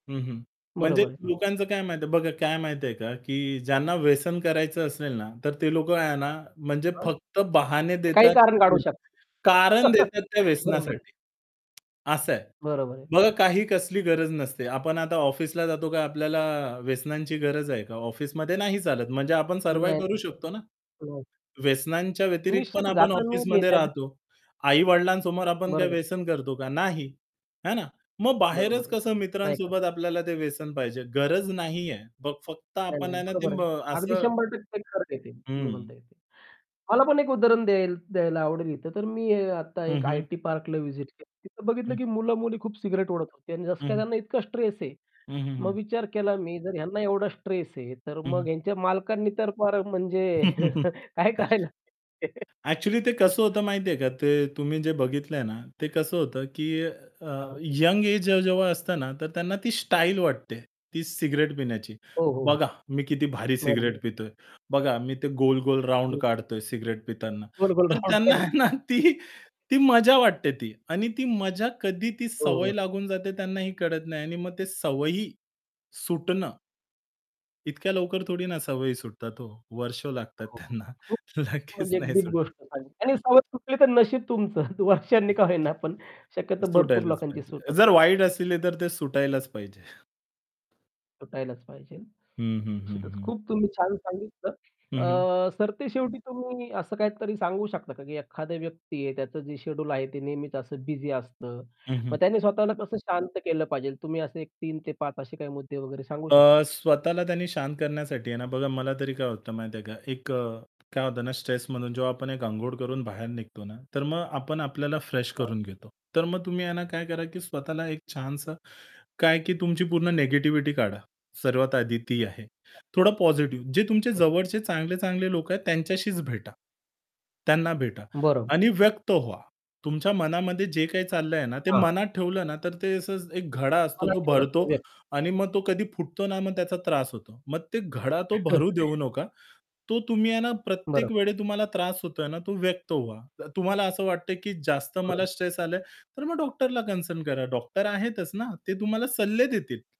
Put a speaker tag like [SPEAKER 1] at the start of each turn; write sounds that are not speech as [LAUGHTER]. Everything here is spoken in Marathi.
[SPEAKER 1] हं, हं. म्हणजे
[SPEAKER 2] बरोबर आहे.
[SPEAKER 1] लोकांचं काय माहिती आहे, बघा काय माहिती आहे का, की ज्यांना व्यसन करायचं असेल ना, तर ते लोक आहे ना म्हणजे
[SPEAKER 2] हां?
[SPEAKER 1] फक्त बहाने
[SPEAKER 2] काही
[SPEAKER 1] देतात,
[SPEAKER 2] कारण काढू
[SPEAKER 1] कारण कारण
[SPEAKER 2] शकतात.
[SPEAKER 1] देतात त्या
[SPEAKER 2] [CHUCKLES] बरोबर आहे.
[SPEAKER 1] व्यसनासाठी. असं आहे.
[SPEAKER 2] बरोबर आहे.
[SPEAKER 1] बघा काही कसली गरज नसते. आपण आता ऑफिसला जातो काय आपल्याला व्यसनांची गरज आहे का? ऑफिसमध्ये नाही चालत म्हणजे आपण
[SPEAKER 2] नाही, नाही,
[SPEAKER 1] सर्व्हाइव्ह करू
[SPEAKER 2] नाही.
[SPEAKER 1] शकतो ना?
[SPEAKER 2] [UNINTELLIGIBLE]
[SPEAKER 1] व्यसनांच्या व्यतिरिक्त पण
[SPEAKER 2] निश्चितच
[SPEAKER 1] आपण ऑफिसमध्ये
[SPEAKER 2] [UNINTELLIGIBLE]
[SPEAKER 1] राहतो. आई-वडिलांसमोर आपण काय
[SPEAKER 2] बरोबर.
[SPEAKER 1] व्यसन करतो का? नाही. है ना? मग
[SPEAKER 2] बरोबर
[SPEAKER 1] बाहेरच
[SPEAKER 2] आहे,
[SPEAKER 1] कसं
[SPEAKER 2] नाही करत.
[SPEAKER 1] मित्रांसोबत आपल्याला ते व्यसन पाहिजे? गरज नाहीये! मग फक्त
[SPEAKER 2] नाही,
[SPEAKER 1] आपण
[SPEAKER 2] नाही
[SPEAKER 1] आहे ना ते
[SPEAKER 2] बरोबर
[SPEAKER 1] म
[SPEAKER 2] आहे. अगदी
[SPEAKER 1] असं
[SPEAKER 2] 100% खरं आहे ते तुम्ही
[SPEAKER 1] हं.
[SPEAKER 2] म्हणताय ते. मला पण एक उदाहरण द्याय द्यायला आवडेल इथं तर मी आता
[SPEAKER 1] हं,
[SPEAKER 2] 1
[SPEAKER 1] हं.
[SPEAKER 2] आयटी पार्कला व्हिजिट केली होती तिथं बघितलं,
[SPEAKER 1] हं.
[SPEAKER 2] की मुलं-मुली खूप सिगारेट ओढत होते. आणि जसं
[SPEAKER 1] हं,
[SPEAKER 2] काय
[SPEAKER 1] हं.
[SPEAKER 2] त्यांना इतका स्ट्रेस आहे.
[SPEAKER 1] हं, हं,
[SPEAKER 2] मग
[SPEAKER 1] हं.
[SPEAKER 2] विचार केला मी जर ह्यांना एवढा स्ट्रेस आहे, तर
[SPEAKER 1] हं,
[SPEAKER 2] मग
[SPEAKER 1] हं.
[SPEAKER 2] ह्यांच्या मालकांनी तर फार म्हणजे
[SPEAKER 1] [CHUCKLES]
[SPEAKER 2] [CHUCKLES] काय करायला [CHUCKLES]
[SPEAKER 1] ॲक्चुअली ते कसं होतं माहिती आहे का, ते तुम्ही जे बघितलंय ना, ते कसं होतं की
[SPEAKER 2] हां,
[SPEAKER 1] अ,
[SPEAKER 2] हां.
[SPEAKER 1] यंग एज जे जेव्हा असतं ना तर त्यांना ती स्टाईल वाटते. ती सिगारेट पिण्याची.
[SPEAKER 2] हो, हो, हो.
[SPEAKER 1] बघा, मी किती भारी सिगारेट
[SPEAKER 2] बरोबर.
[SPEAKER 1] पितोय, बघा मी ते गोल-गोल राउंड
[SPEAKER 2] हं, हं.
[SPEAKER 1] काढतोय सिगारेट पिताना
[SPEAKER 2] गोल-गोल
[SPEAKER 1] तर
[SPEAKER 2] राउंड
[SPEAKER 1] त्यांना
[SPEAKER 2] काढतो.
[SPEAKER 1] ना ती,
[SPEAKER 2] [CHUCKLES]
[SPEAKER 1] ती मजा वाटते ती आणि ती मजा कधी ती
[SPEAKER 2] हो,
[SPEAKER 1] सवय
[SPEAKER 2] हो.
[SPEAKER 1] लागून जाते त्यांनाही कळत नाही आणि मग ते सवयी सुटणं इतक्या लवकर थोडी ना सवयी सुटतात हो? वर्ष लागतात
[SPEAKER 2] हो हो,
[SPEAKER 1] त्यांना.
[SPEAKER 2] खूप,
[SPEAKER 1] लगेच
[SPEAKER 2] म्हणजे एक
[SPEAKER 1] नाही
[SPEAKER 2] डीप
[SPEAKER 1] सुटत.
[SPEAKER 2] गोष्ट सांगितली आणि सवय सुटली तर नशीब तुमचं वर्षांनी
[SPEAKER 1] हं.
[SPEAKER 2] का होईना पण
[SPEAKER 1] अ,
[SPEAKER 2] शक्यतो भरपूर
[SPEAKER 1] सुटायलाच
[SPEAKER 2] लोकांची
[SPEAKER 1] पाहिजे.
[SPEAKER 2] सूटत
[SPEAKER 1] जर
[SPEAKER 2] नाही.
[SPEAKER 1] वाईट असले, तर ते सुटायलाच पाहिजे.
[SPEAKER 2] सुटायलाच पाहिजे.
[SPEAKER 1] हं, हं, हं,
[SPEAKER 2] निश्चितच
[SPEAKER 1] हं.
[SPEAKER 2] खूप तुम्ही छान सांगितलं.
[SPEAKER 1] हं, हं.
[SPEAKER 2] अ, सर ते शेवटी तुम्ही असं काहीतरी सांगू शकता का, की एखादा व्यक्ती आहे त्याचं जे शेड्यूल आहे ते नेहमीच असं बिझी असतं.
[SPEAKER 1] हं,
[SPEAKER 2] मग
[SPEAKER 1] हं.
[SPEAKER 2] त्याने स्वतःला कसं शांत केलं पाहिजे तुम्ही असे एक 3 ते 5 असे काही मुद्दे वगैरे सांगू शकाल
[SPEAKER 1] अ,
[SPEAKER 2] का?
[SPEAKER 1] स्वतःला त्यांनी शांत करण्यासाठी आहे ना बघा मला तरी काय होतं माहिती आहे का, एक अ, काय होतं ना स्ट्रेस म्हणून जेव्हा आपण एक अंघोळ करून बाहेर निघतो ना, तर मग आपण आपल्याला फ्रेश
[SPEAKER 2] हं.
[SPEAKER 1] करून घेतो. तर मग तुम्ही आहे ना काय करा की स्वतःला एक छानसं काय, की तुमची पूर्ण निगेटिव्हिटी काढा. सर्वात आधी ती आहे.
[SPEAKER 2] हं.
[SPEAKER 1] थोडा पॉझिटिव्ह जे तुमचे
[SPEAKER 2] हं.
[SPEAKER 1] जवळचे चांगले-चांगले लोक आहेत, त्यांच्याशीच भेटा. त्यांना भेटा
[SPEAKER 2] बरोब
[SPEAKER 1] आणि व्यक्त व्हा. तुमच्या मनामध्ये जे काही चाललंय ना, ते
[SPEAKER 2] हां.
[SPEAKER 1] मनात ठेवलं ना, तर ते असं एक घडा असतो तो भरतो
[SPEAKER 2] [UNINTELLIGIBLE]
[SPEAKER 1] आणि मग तो कधी फुटतो ना, मग त्याचा त्रास होतो. मग ते घडा तो भरू देऊ
[SPEAKER 2] [CHUCKLES]
[SPEAKER 1] नका. तो तुम्ही आहे ना प्रत्येक
[SPEAKER 2] बरोबर.
[SPEAKER 1] वेळी तुम्हाला त्रास होतोय ना, तो व्यक्त व्हा. त तुम्हाला असं वाटतंय की जास्त मला
[SPEAKER 2] बरं.
[SPEAKER 1] स्ट्रेस आलंय, तर मग डॉक्टरला कन्सर्न करा. डॉक्टर आहेतच ना ते तुम्हाला सल्ले देतील.